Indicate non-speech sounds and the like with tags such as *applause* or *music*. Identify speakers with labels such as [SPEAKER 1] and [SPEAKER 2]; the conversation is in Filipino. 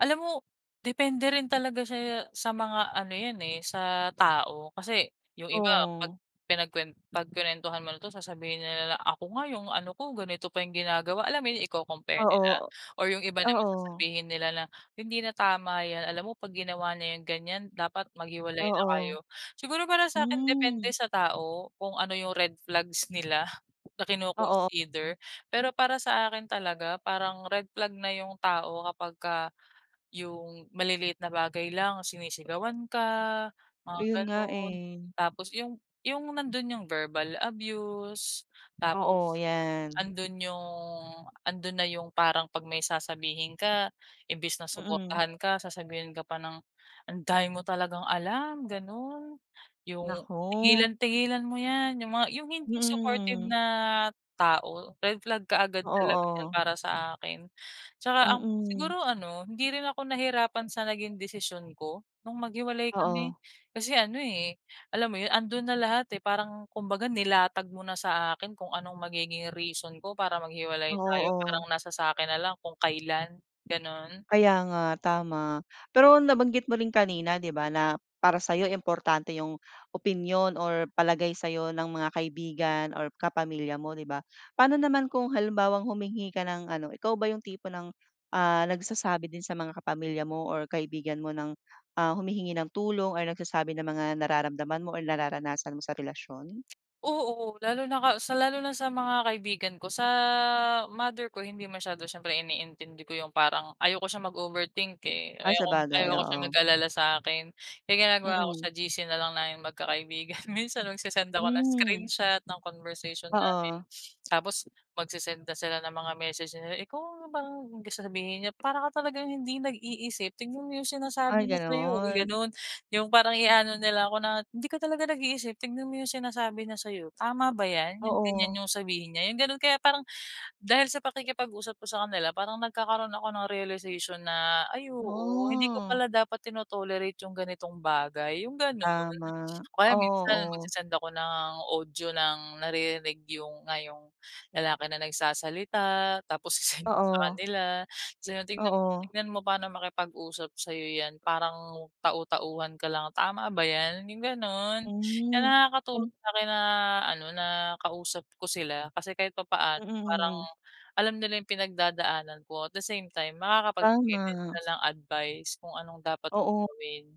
[SPEAKER 1] Alam mo? Depende rin talaga siya sa mga ano yan eh, sa tao. Kasi yung iba, 'pag
[SPEAKER 2] Oo.
[SPEAKER 1] pinagkuwen 'pag kinuwentuhan mo na 'to, sasabihin nila na, "Ako nga yung ano ko, ganito pa yung ginagawa," alam mo yun? Iko-compare nila
[SPEAKER 2] Oo,
[SPEAKER 1] or yung iba naman
[SPEAKER 2] oo.
[SPEAKER 1] sasabihin nila na, "Hindi na tama yan, alam mo 'pag ginawa niya yang ganyan, dapat maghiwalay na kayo."
[SPEAKER 2] Oo,
[SPEAKER 1] Siguro para sa'kin, depende
[SPEAKER 2] hmm.
[SPEAKER 1] sa tao kung ano yung red flags nila, na
[SPEAKER 2] Oo.
[SPEAKER 1] kino-consider. Pero para sa akin talaga parang red flag na yung tao kapag ka yung maliliit na bagay lang sinisigawan ka, mga
[SPEAKER 2] Ayun nga
[SPEAKER 1] ganun,
[SPEAKER 2] eh.
[SPEAKER 1] tapos yung yung nandun yung verbal abuse,
[SPEAKER 2] Oo,
[SPEAKER 1] tapos
[SPEAKER 2] yan.
[SPEAKER 1] andun yung andun na yung parang 'pag may sasabihin ka imbes na
[SPEAKER 2] Mm.
[SPEAKER 1] suportahan ka sasabihin ka pa ng, "Ang dami mo talagang alam," ganun. Yung,
[SPEAKER 2] Naku.
[SPEAKER 1] "Tigilan tigilan, mo yan." Yung mga yung hindi supportive
[SPEAKER 2] Mm.
[SPEAKER 1] na tao, red flag kaagad
[SPEAKER 2] Oo,
[SPEAKER 1] talaga yan
[SPEAKER 2] oh.
[SPEAKER 1] para sa akin. Tsaka ang
[SPEAKER 2] Mm.
[SPEAKER 1] siguro ano, hindi rin ako nahirapan sa naging desisyon ko nung maghiwalay kami
[SPEAKER 2] Oo.
[SPEAKER 1] kasi ano eh, alam mo yun? Andun na lahat eh, parang kumbaga, nilatag mo na sa akin kung anong magiging reason ko para maghiwalay
[SPEAKER 2] Oo,
[SPEAKER 1] tayo, parang
[SPEAKER 2] oh.
[SPEAKER 1] nasa sa'kin nalang kung kailan, ganon.
[SPEAKER 2] Kaya nga, tama. Pero nabanggit mo rin kanina, 'di ba, na para sa'yo importante yung opinyon or palagay sa'yo ng mga kaibigan or kapamilya mo, 'di ba? Paano naman kung halimbawang humingi ka ng ano ikaw ba yung tipo ng ah, nagsasabi din sa mga kapamilya mo or kaibigan mo ng ah, humihingi ng tulong or nagsasabi ng mga nararamdaman mo or nararanasan mo sa relasyon?
[SPEAKER 1] Oo, lalo na ka sa lalo na sa mga kaibigan ko. Sa mother ko, hindi masyado, syempre iniintindi ko yung parang ayaw ko siyang mag-overthink eh,
[SPEAKER 2] Ah,
[SPEAKER 1] ayaw kong ayaw
[SPEAKER 2] sabagay,
[SPEAKER 1] ko siyang
[SPEAKER 2] oo.
[SPEAKER 1] mag-alala sakin. Kaya ang ginagawa ko, sa
[SPEAKER 2] Mm.
[SPEAKER 1] GC nalang naming magkakaibigan. Minsan, nagsesend ako ng
[SPEAKER 2] Mm.
[SPEAKER 1] screenshot ng conversation namin.
[SPEAKER 2] Oo.
[SPEAKER 1] *sniffs* Tapos magse-send na sila ng mga message nila, "Ikaw, parang," sasabihin niya, "Para ka talagang hindi nag-iisip, tingnan mo yung sinasabi
[SPEAKER 2] Ay,
[SPEAKER 1] niya sa'yo." Yung
[SPEAKER 2] ganon.
[SPEAKER 1] ganun, yung parang ia-ano nila ako na, "Hindi ka talaga nag-iisip, tingnan mo yung sinasabi niya sa'yo, tama ba yan? Yung ganyan
[SPEAKER 2] Oo.
[SPEAKER 1] yung sabihin niya?" Yung ganun kaya parang dahil sa pakikipag-usap ko sa kanila parang nagkakaroon ako ng realization na, "Ay oo, hindi ko
[SPEAKER 2] Oh.
[SPEAKER 1] pala dapat tino-tolerate yung ganitong bagay," yung ganun.
[SPEAKER 2] Tama,
[SPEAKER 1] O kaya
[SPEAKER 2] oo,
[SPEAKER 1] minsan,
[SPEAKER 2] oh.
[SPEAKER 1] magse-send ako ng audio ng naririnig yung nga yong lalaki na nagsasalita, tapos ise-send ko sa
[SPEAKER 2] Oo.
[SPEAKER 1] kanila, tapos yun, "Tingnan mo
[SPEAKER 2] Oo.
[SPEAKER 1] tingnan mo paano makipag-usap sa'yo yan parang tau-tauhan ka lang, tama ba yan?" Yung ganon. Kaya
[SPEAKER 2] Hmm.
[SPEAKER 1] nakakatulong sa'kin na ano, na kausap ko sila kasi kahit papaano
[SPEAKER 2] Mm,
[SPEAKER 1] parang
[SPEAKER 2] mm.
[SPEAKER 1] alam nila yung pinagdadaanan ko at the same time, makakapagbigay din sila
[SPEAKER 2] Tama.
[SPEAKER 1] ng advice kung anong dapat kong
[SPEAKER 2] Oo.
[SPEAKER 1] gawin.